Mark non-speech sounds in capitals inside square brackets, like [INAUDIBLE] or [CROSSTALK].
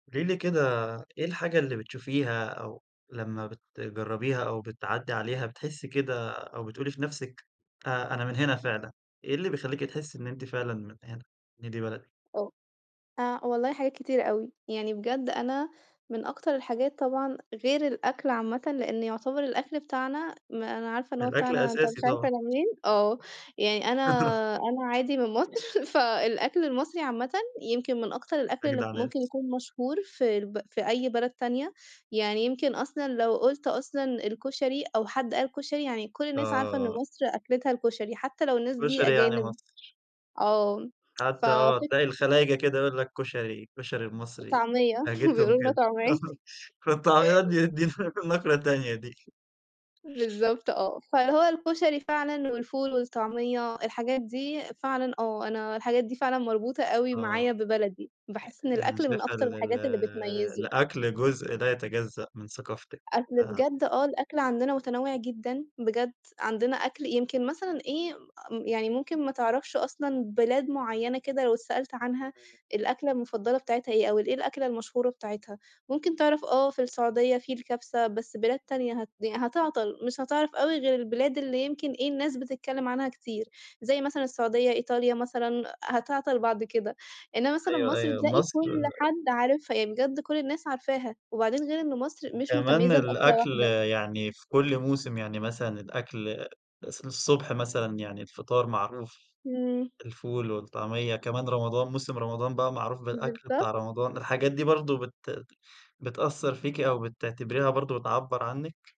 قولي لي كده إيه الحاجة اللي بتشوفيها أو لمّا بتجربيها أو بتعدّي عليها بتحسي كده أو بتقولي في نَفسك أ أنا من هنا فعلًا، إيه اللي بيخلّيكِ تحسي إن أنتِ فعلًا من هنا، إن دي بلدِك آه. آآ والله حاجات كتيرة أوي، يعني بجد أنا من أكتر الحاجات طبعًا غير الأكْل عامةً لأن يعتبر الأكْل بتاعنا ما أنا عارفة إن هو الأكل بتاعنا، أنت مش أساسي عارف طبعًا. أنا منين؟ آه، يعني أنا أنا [LAUGHS] عادي من مصر، [LAUGHS] فالأكْل المصري عامةً يمكن من أكتر الأكْل اللي أجدع ناس. ممكن يكون مشهور في الب في أي بلد تانية، يعني يمكن أصلًا لو قُلت أصلًا الكُشري أو حد قال كُشري، يعني كُلّ الناس عارفة إن آه. مصر أكلتها الكُشري، حتى لو الناس دي كُشري يعني أجانب مصر. آه، حتى آه، ففِك تلاقي الخلايجة كده يقول لك كشري الكشري المصري، طعمية، [LAUGHS] لهجتهم بيقولوا لنا كده، طعمية. [LAUGHS] في الطعميّات دي دي نقرة تانية دي. بالضبط آه. فهو الكُشري فعلًا والفول والطعمية، الحاجات دي فعلًا آه، أنا الحاجات دي فعلًا مربوطة أوي آه، أ معايا ببلدي، باحس إن يعني الأكل من شايفة أكتر ال ال الحاجات اللي بتميِّزه. الأكل جزء لا يتجزأ من ثقافتِك، أكْل آه. بجد؟ آه الأكْل عندنا متنوع جدًا بجد، عندنا أكْل يمكن مثلًا إيه م يعني ممكن ما تعرفش أصلًا بلاد معيّنة كده لو اتسألت عنها الأكْلة المفضلة بتاعتها إيه، أو الإيه الأكْلة المشهورة بتاعتها، ممكن تعرف آه في السعودية في الكبسة بس بلاد تانية هت هتعطل، مش هتعرف أوي غير البلاد اللي يمكن إيه الناس بتتكلم عنها كتير، زي مثلًا السعودية، إيطاليا مثلًا، هتعطل بعد كده، إنما مثلًا أيوه مصر أيوه، تلاقي مصر كُلّ حد عارفها، يعني بجد كُلّ الناس عارفاها، وبعدين غير إن مصر مش وكمان متميّزة بأكْلة الأكْل واحدة. يعني في كُلّ موسم، يعني مثلًا الأكْل الص الصبح مثلًا يعني الفطار معروف، إمم. الفول والطعمية، كمان رمضان موسم رمضان بقى معروف بالأكْل بالضبط. بتاع رمضان، الحاجات دي برضو بت بتأثّر فيكِ أو بتعتبريها برضو بتعبّر عنِّك؟